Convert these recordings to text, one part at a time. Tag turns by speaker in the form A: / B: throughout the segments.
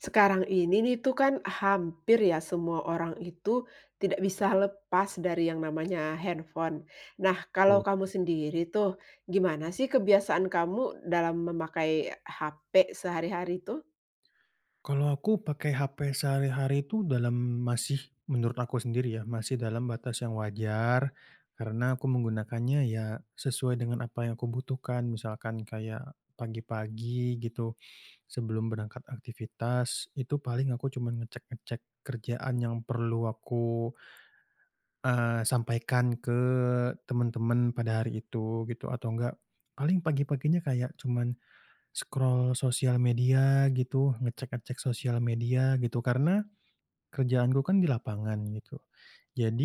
A: Sekarang ini nih tuh, kan hampir ya semua orang itu tidak bisa lepas dari yang namanya handphone. Nah, kalau
B: Dope.
A: kamu sendiri tuh gimana sih kebiasaan kamu dalam memakai HP sehari-hari tuh?
B: Kalau aku pakai HP sehari-hari itu dalam masih menurut aku sendiri ya masih dalam batas yang wajar, karena aku menggunakannya ya sesuai dengan apa yang ku butuhkan misalkan kayak pagi-pagi gitu, sebelum berangkat aktivitas itu paling aku cuma ngecek-ngecek kerjaan yang perlu aku, eee, sampaikan ke teman-teman pada hari itu gitu atau enggak, paling pagi-paginya kayak cuman scroll sosial media gitu, ngecek-ngecek sosial media, gitu. Karena kerjaanku kan di lapangan gitu,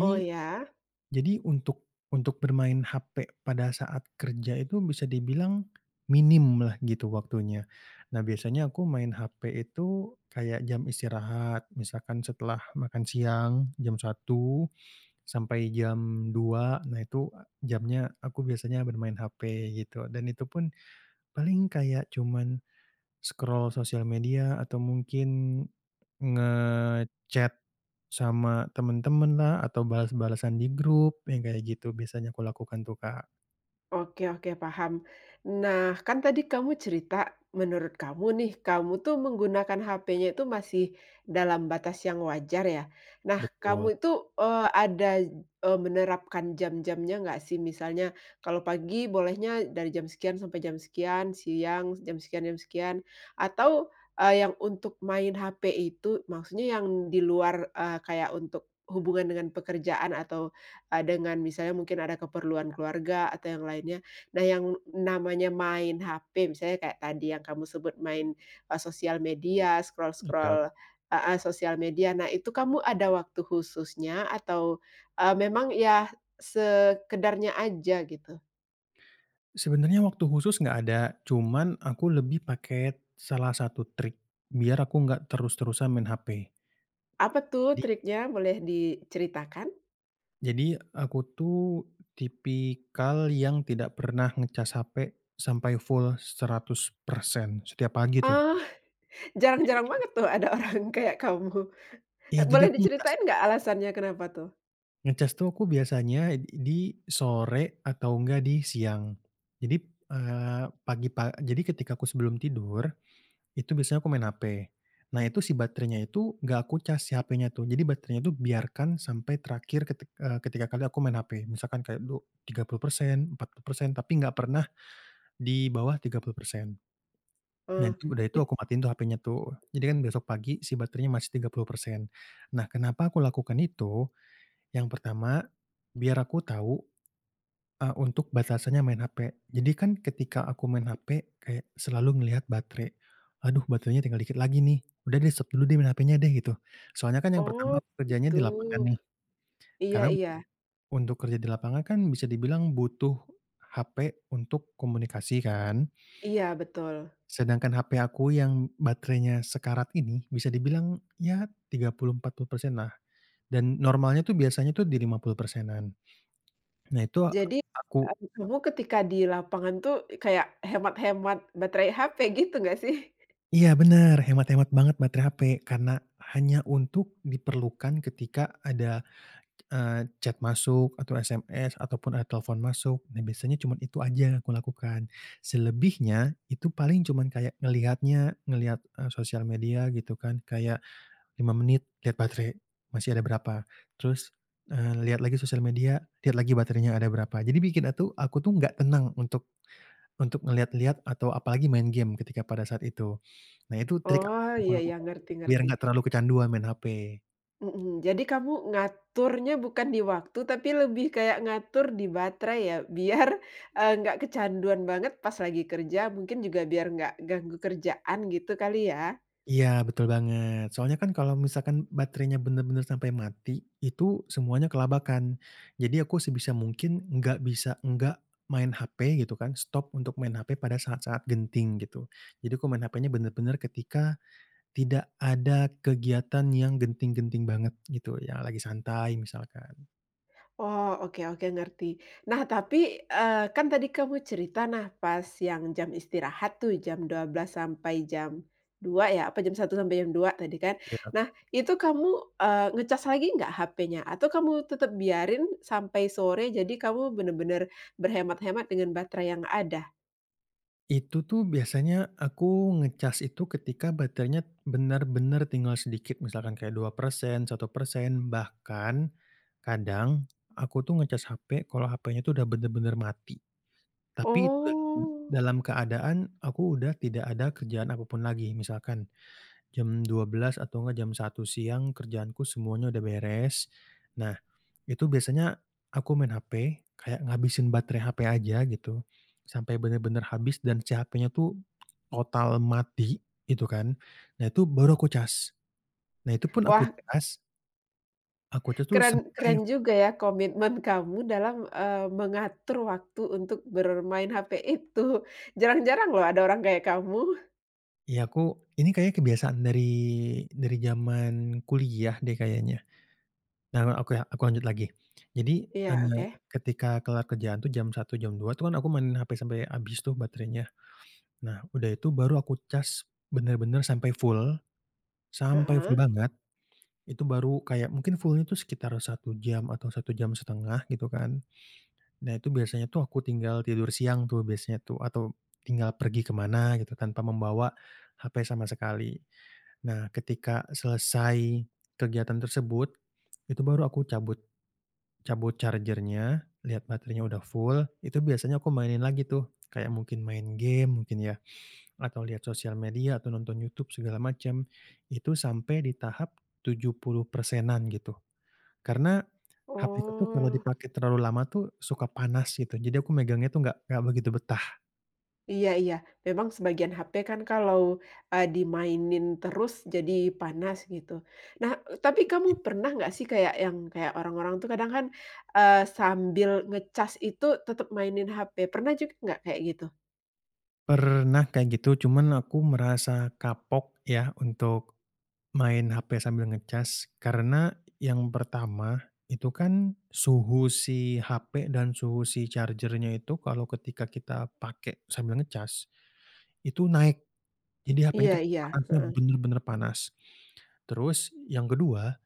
A: Oh ya.
B: jadi, untuk untuk bermain HP pada saat kerja itu bisa dibilang minimlah gitu waktunya, nah biasanya aku main HP itu kayak jam istirahat misalkan setelah makan siang, jam 01:00 sampai jam 02:00. Nah itu, e jamnya aku biasanya bermain HP gitu dan itu pun paling kayak cuman scroll sosial media atau mungkin nge-chat sama teman-teman lah atau balas-balasan di grup yang kayak gitu biasanya ku lakukan tuh, Kak.
A: Oke oke paham. Nah, kan tadi kamu cerita menurut kamu nih, kamu tuh menggunakan HP-nya tuh masih dalam batas yang wajar ya, nah
B: Betul.
A: kamu itu, eee, ada j e menerapkan jam-jamnya nggak sih? Misalnya kalau pagi bolehnya dari jam sekian sampai jam sekian, siang jam sekian jam sekian, atau, eee, yang untuk main HP itu maksudnya yang di luar, e kayak untuk hubungan dengan pekerjaan atau, e dengan misalnya mungkin ada keperluan keluarga atau yang lainnya, nah yang namanya main HP misalnya kayak tadi yang kamu sebut main, e sosial media, scroll
B: Enggak.
A: scroll heeh, sosial media, nah itu kamu ada waktu khususnya atau, eee, memang ya sekedarnya aja, gitu?
B: Sebenarnya waktu khusus nggak ada, cuman aku lebih paket salah satu trik biar aku nggak terus-terusan main HP.
A: Apa tuh
B: Di
A: triknya, boleh diceritakan?
B: Jadi aku tuh tipikal yang tidak pernah ngecas HP sampai full 100% setiap pagi tuh.
A: Oh, jarang-jarang
B: Jadi
A: banget tuh ada orang kayak kamu.
B: Iya, jadi
A: Boleh
B: aku ngecas
A: diceritain nggak alasannya kenapa tuh?
B: Ngecas tuh aku biasanya ed di sore atau enggak di siang. Jadi, p eee, pagi-pa jadi ketika aku sebelum tidur itu biasanya aku main HP, nah itu si baterainya itu gak aku cas si HP-nya tuh, jadi baterainya tuh biarkan sampai terakhir ketik eee, ketika kali aku main HP. Misalkan kayak du 30%, 40%, tapi nggak pernah di bawah 30%, nah
A: Oh,
B: tuh udah itu
A: it
B: aku matiin tuh HP-nya tuh, jadi kan besok pagi si baterainya masih 30%. Nah, kenapa aku lakukan itu? Yang pertama biar aku tahu, e untuk batasannya main HP, jadi kan ketika aku main HP kayak selalu melihat baterai, "Aduh baterainya tinggal dikit lagi nih, udah di stop dulu deh main HP-nya deh," gitu. Soalnya kan yang pertama
A: Oh
B: aku kerjanya
A: gitu,
B: di lapangan nih,
A: iya
B: karena
A: iya.
B: untuk kerja di lapangan kan bisa dibilang butuh HP untuk komunikasi kan
A: Iya betul.
B: sedangkan HP aku yang baterainya sekarat ini bisa dibilang ya 30%,40% lah, dan normalnya tuh biasanya itu di 50%-an. Nah, itu
A: Jadi,
B: aku
A: habis itu ketika di lapangan tuh kayak hemat hemat baterai HP gitu nggak sih?
B: Iya benar, hemat-hemat banget baterai HP karena hanya untuk diperlukan ketika ada, eee, chat masuk atau SMS ataupun ada telepon masuk, nah biasanya cuma itu aja yang aku lakukan. Selebihnya itu paling cuman kayak ngelihatnya ngelihat e sosial media gitu kan kayak 5 menit lihat baterai, masih ada berapa, terus, eee, lihat lagi sosial media, lihat lagi baterainya ada berapa, jadi bikinnya tuh aku tuh gak tenang untuk untuk ngelihat-lihat atau apalagi main game ketika pada saat itu. Nah itu trik yang
A: Oh
B: aku
A: iya iya,
B: lakukan
A: ngerti
B: biar
A: ngerti.
B: gak terlalu kecanduan main HP.
A: Mhm, jadi kamu ngaturnya bukan di waktu, tapi lebih kayak ngatur di baterai ya? Biar, eee, nggak kecanduan banget pas lagi kerja, mungkin juga biar nggak ganggu kerjaan, gitu kali ya?
B: Iya, betul banget, soalnya kan kalau misalkan baterainya benar-benar sampai mati, itu semuanya kelabakan. Jadi aku sebisa mungkin nggak bisa nggak main HP, gitu kan, stop untuk main HP pada saat-saat genting, gitu. Jadi aku main HP-nya benar-benar ketika tidak ada kegiatan yang genting-genting banget gitu, yang lagi santai misalkan.
A: Oh, oke oke, ngerti. Nah, tapi, eee, kan tadi kamu cerita, nah, pas yang jam istirahat tuh jam 12:00- 02:00 ya? Apa jam 01:00-02:00 tadi kan?
B: Iya.
A: Nah, itu kamu, eee, ngecas lagi nggak HP-nya? Atau kamu tetap biarin sampai sore, jadi kamu bener-bener berhemat-hemat dengan baterai yang ada?
B: Itu tuh biasanya aku ngecas itu ketika baterainya benar-benar tinggal sedikit, misalkan kayak 2%, 1%. Bahkan kadang aku tuh ngecas HP kalau HP-nya itu udah benar-benar mati, tapi dalam
A: Oh.
B: dalam keadaan aku udah tidak ada kerjaan apapun lagi. Misalkan jam 12:00 atau nggak jam 01:00 siang kerjaanku semuanya udah beres. Nah, itu biasanya aku main HP kayak ngabisin batre HP aja gitu, sampai benar-benar habis dan si HP-nya tuh total mati itu kan, nah, itu baru aku cas. Nah, itu pun aku
A: Wah
B: cas Aku cas tuh
A: Keren keren
B: sampai
A: juga
B: full.
A: ya komitmen kamu dalam, eee, mengatur waktu untuk bermain HP itu, jarang-jarang loh ada orang kayak kamu.
B: Ya, aku ini kayaknya kebiasaan dari dari jaman kuliah deh kayaknya, nah, me aku ya aku lanjut lagi. Jadi,
A: Iya,
B: eee,
A: oke.
B: ketika kelar kerjaan tuh jam 01:00, jam 02:00 itu kan aku mainin sampai habis tuh baterainya. Nah, udah itu baru aku cas bener-bener sampai full, sampai
A: Heeh.
B: full banget, itu baru kayak mungkin full-nya tuh sekitar 1 jam atau satu 1.5 jam gitu kan. Nah, itu biasanya tuh aku tinggal tidur siang tuh, biasanya tuh atau tinggal pergi kemana gitu, tanpa membawa HP sama sekali. Nah, ketika selesai kegiatan tersebut, itu baru aku cabut, cabut charger-nya, lihat baterainya udah full, itu biasanya aku mainin lagi tuh kayak mungkin main gim mungkin ya, atau lihat sosial media atau nonton Youtube segala macem, itu sampai di tahap 70%-an gitu. Karena HP aku tuh kalau
A: Oh.
B: dipakai terlalu lama tuh suka panas gitu, jadi aku megangnya tuh nggak nggak begitu betah.
A: Iya iya, memang sebagian HP kan kalau, eee, dimainin terus jadi panas, gitu. Nah, e tapi kamu
B: [unintelligible]
A: pernah nggak sih kayak, yang kayak orang-orang tuh kadang kan, eee, sambil ngecas itu tetap mainin HP, pernah juga nggak kayak gitu?
B: Pernah kayak gitu, cuman aku merasa kapok ya untuk main HP sambil ngecas. Karena yang pertama itu kan suhu si HP dan suhu si charger-nya itu kalau ketika kita pakai sambil ngecas itu naik, jadi
A: Iya
B: HP-nya tuh
A: iya,
B: panasnya
A: heeh.
B: bener-bener panas. Terus yang ke-2,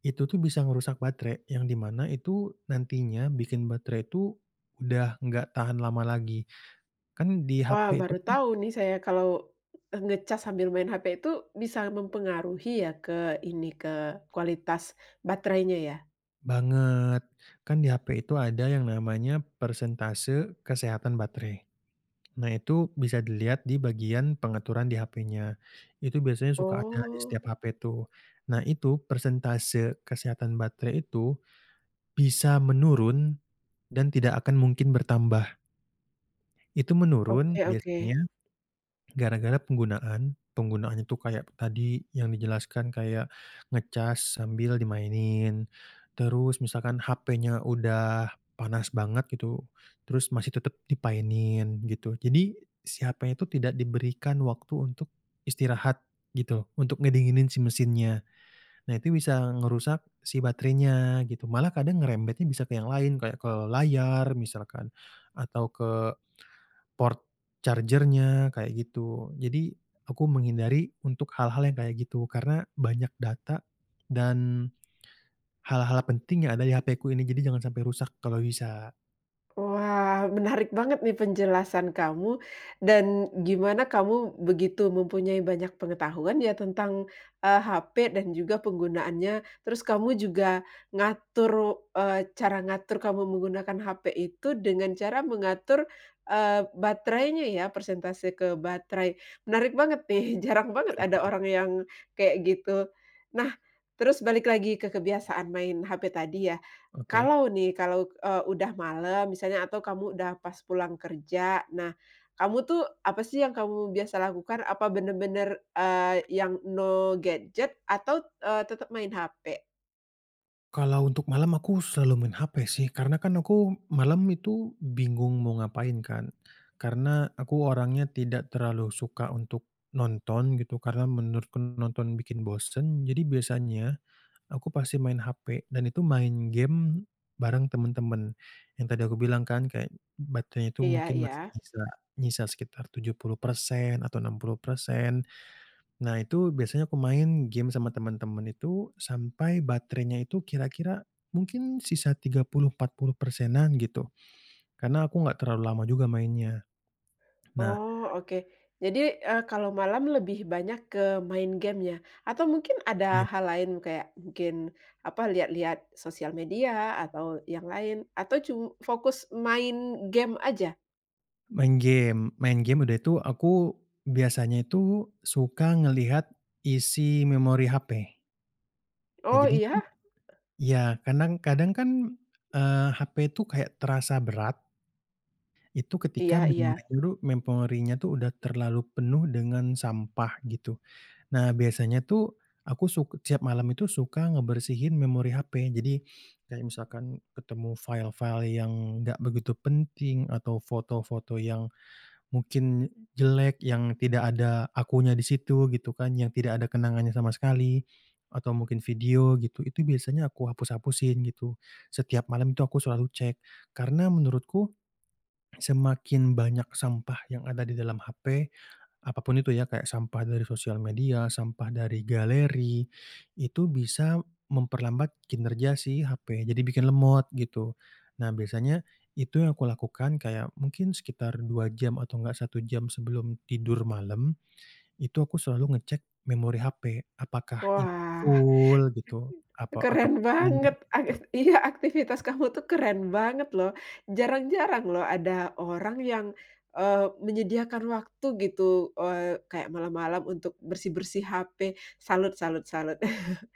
B: itu tuh bisa ngerusak baterai, yang di mana itu nantinya bikin baterai itu udah nggak tahan lama lagi, kan di
A: Wah,
B: HP itu
A: baru
B: kan
A: tahu nih saya kalau, eee, ngecas sambil main HP itu bisa mempengaruhi ya ke ini ke kualitas baterainya, ya?
B: Banget, kan di HP itu ada yang namanya persentase kesehatan baterai, nah, itu bisa dilihat di bagian pengaturan di HP-nya. Itu biasanya suka ada di
A: Oh.
B: setiap HP tuh, nah, itu persentase kesehatan baterai itu bisa menurun dan tidak akan mungkin bertambah. Itu menurun
A: Oke oke.
B: biasanya gara-gara penggunaan, penggunaannya tuh kayak tadi yang dijelaskan, kayak ngecas sambil dimainin, terus misalkan HP-nya udah panas banget gitu, terus masih tetap dimainin, gitu. Jadi si HP-nya itu tidak diberikan waktu untuk istirahat gitu, untuk ngedinginin si mesinnya, nah, itu bisa ngerusak si baterainya, gitu. Malah kadang ngerembetnya bisa ke yang lain, kayak ke layar misalkan, atau ke port charger-nya kayak gitu. Jadi aku menghindari untuk hal-hal yang kayak gitu, karena banyak data dan hal-hal penting yang ada di HP ku ini, jadi jangan sampai rusak kalau bisa.
A: Wah, menarik banget nih penjelasan kamu dan gimana kamu begitu mempunyai banyak pengetahuan ya tentang, eee, HP dan juga penggunaannya. Terus kamu juga ngatur, eee, cara ngatur kamu menggunakan HP itu dengan cara mengatur, eee, baterainya ya, persentase ke baterai, menarik banget nih, jarang banget
B: Betul
A: ada
B: banget.
A: orang yang kayak gitu. Nah, terus balik lagi ke kebiasaan main HP tadi ya,
B: Oke.
A: kalau nih, kalau, eee, udah malam misalnya atau kamu udah pas pulang kerja, nah, kamu tuh, apa sih yang kamu biasa lakukan? Apa bener-bener, eee, yang no gadget atau, eee, tetap main HP?
B: Kalau untuk malam, aku selalu main HP sih, karena kan aku malam itu bingung mau ngapain kan, karena aku orangnya tidak terlalu suka untuk nonton gitu, karena menurutku nonton bikin bosen. Jadi biasanya aku pasti main HP dan itu main gim bareng temen-temen, yang tadi aku bilang kan, kayak baterainya itu
A: Iya
B: mungkin masih
A: iya.
B: nyisa nyisa sekitar 70% atau 60%. Nah, itu biasanya aku main gim sama temen-temen itu, sampai baterainya itu kira-kira mungkin sisa 30, 40%-an gitu, karena aku nggak terlalu lama juga mainnya, nah
A: Oh, oke. Jadi, eee, kalau malam lebih banyak ke main gim ya? Atau mungkin ada
B: Iya.
A: hal lain, kayak mungkin, apa, lihat-lihat sosial media atau yang lain atau cum fokus main gim aja?
B: Main gim, main gim, udah itu aku biasanya itu suka ngelihat isi memori HP. Nah,
A: Oh,
B: jadi tuh
A: iya?
B: iya, kanang kadang kan, eee, HP itu kayak terasa berat itu ketika
A: Iya
B: memori
A: iya.
B: nyuruh memorinya tuh sudah terlalu penuh dengan sampah, gitu. Nah, biasanya tuh aku suk setiap malam itu suka ngebersihin memori HP. Jadi kayak misalkan ketemu file-file yang nggak begitu penting atau foto-foto yang mungkin jelek, yang tidak ada akunya di situ, gitu kan, yang tidak ada kenangannya sama sekali atau mungkin video, gitu. Itu biasanya aku hapus-hapusin gitu, setiap malam itu aku selalu cek. Karena menurutku semakin banyak sampah yang ada di dalam HP, apapun itu ya, kayak sampah dari sosial media, sampah dari galeri, itu bisa memperlambat kinerja si HP, jadi bikin lemot, gitu. Nah, biasanya itu yang aku lakukan, kayak mungkin sekitar 2 jam atau nggak 1 jam sebelum tidur malam, itu aku selalu ngecek memori HP, apakah ini
A: Wah,
B: full gitu, apa, atau
A: keren banget,
B: [unintelligible] tu.
A: avis iya aktivitas kamu tuh keren banget loh, jarang-jarang loh ada orang yang, eee, menyediakan waktu gitu, eee, kayak malam-malam untuk bersih-bersih HP, salut salut salut.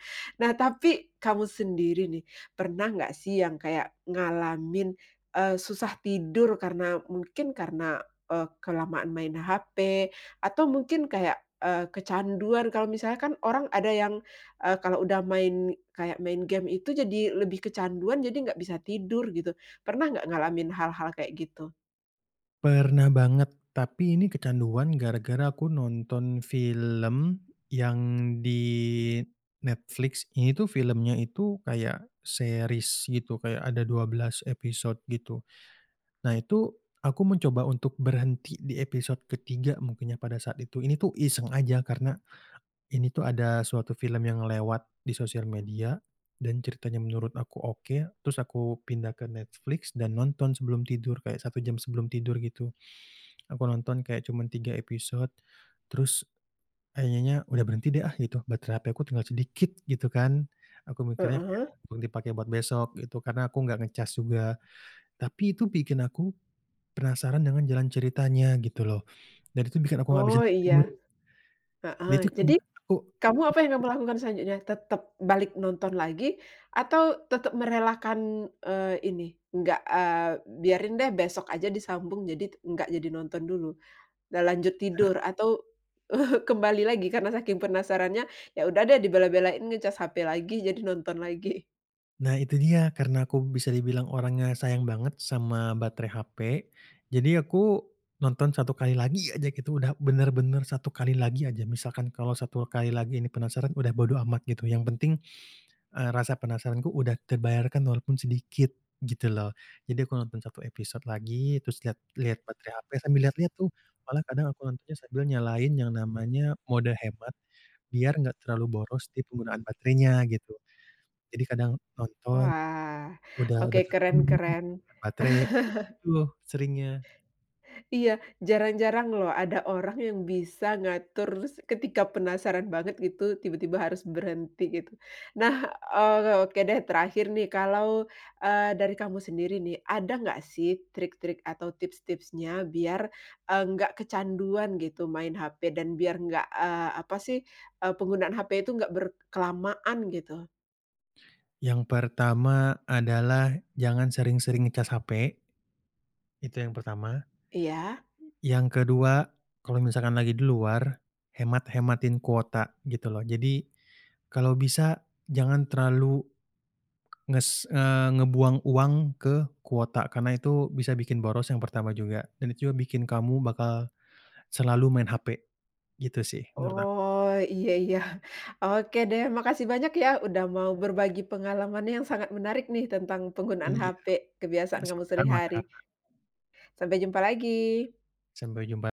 A: Nah, tapi kamu sendiri nih, pernah nggak sih yang kayak ngalamin, eee, susah tidur karena mungkin karena, eee, kelamaan main HP atau mungkin kayak, eee, kecanduan kalau misalnya kan orang ada yang, eee, kalau udah main, kayak main gim itu jadi lebih kecanduan, jadi nggak bisa tidur gitu, pernah nggak ngalamin hal-hal kayak gitu?
B: Pernah banget, tapi ini kecanduan gara-gara aku nonton film yang di Netflix, ini tuh filmnya itu kayak series gitu, kayak ada 12 episode, gitu. Nah, itu aku mencoba untuk berhenti di episode ke-3 mungkin ya pada saat itu, ini tuh iseng aja karena ini tuh ada suatu film yang lewat di sosial media dan ceritanya menurut aku oke, terus aku pindah ke Netflix dan nonton sebelum tidur, kayak 1 jam sebelum tidur, gitu. Aku nonton kayak cuman 3 episode, terus akhirnya, udah berhenti deh ah, gitu, baterai HP aku tinggal sedikit, gitu kan, aku mikirnya kayak,
A: Heeh.
B: perlu dipakai buat besok gitu, karena aku nggak ngecas juga. Tapi itu bikin aku penasaran dengan jalan ceritanya gitu loh, dan itu bikin aku gak bisa
A: Oh, iya,
B: tidur.
A: heeh,
B: Dan itu
A: jadi,
B: kayak, aku
A: kamu, apa yang
B: mikir
A: kamu lakukan selanjutnya? Tetap balik nonton lagi atau tetap merelakan, eee, ini, nggak, eee, biarin deh besok aja disambung jadi t nggak jadi nonton dulu? Nggak lanjut
B: He
A: tidur atau kembali lagi karena saking penasarannya, ya udah, deh dibela-belain ngecas HP lagi, jadi nonton lagi?
B: Nah, itu dia, karena aku bisa dibilang orangnya sayang banget sama baterai HP, jadi aku nonton 1 kali lagi aja gitu, udah benar-benar 1 kali lagi aja. Misalkan kalau 1 kali lagi ini penasaran, udah bodo amat gitu, yang penting, eee, rasa penasaranku udah terbayarkan walaupun sedikit, gitu loh. Jadi aku nonton 1 episode lagi, terus lihat lihat baterai HP, sambil lihat-lihat tuh, malah kadang aku nontonnya sambil nyalain yang namanya mode hemat biar enggak terlalu boros di penggunaan baterainya, gitu. Jadi kadang nonton,
A: Wah,
B: udah udah
A: oke,
B: berapa
A: keren
B: lama nontonnya,
A: keren.
B: lihat baterai, aku gitu tuh seringnya.
A: Iya, jarang-jarang loh ada orang yang bisa ngatur s ketika penasaran banget gitu, tiba-tiba harus berhenti, gitu. Nah, eee, oke, deh, terakhir nih, kalau, eee, dari kamu sendiri nih, ada nggak sih trik-trik atau tips-tipsnya biar, eee, nggak kecanduan gitu, main HP dan biar nggak, eee, apa sih, eee, penggunaan HP itu nggak ber kelamaan, gitu?
B: Yang pertama adalah jangan sering-sering ngecas HP. Itu yang pertama.
A: Iya.
B: Yang ke-2 kalau misalkan lagi di luar, hemat-hematin kuota, gituloh, jadi kalau bisa jangan terlalu nges eee, ngebuang uang ke kuota, karena itu bisa bikin boros yang pertama juga dan itu juga bikin kamu bakal selalu main HP, gitu sih menurut ak
A: Oh, iya iya, oke, deh, makasih banyak ya udah mau berbagi pengalaman yang sangat menarik nih, tentang penggunaan
B: Iya,
A: HP kebiasaan kamu
B: sama-sama, Kak.
A: sehari-hari. Sampai jumpa lagi!
B: Sampai jumpa.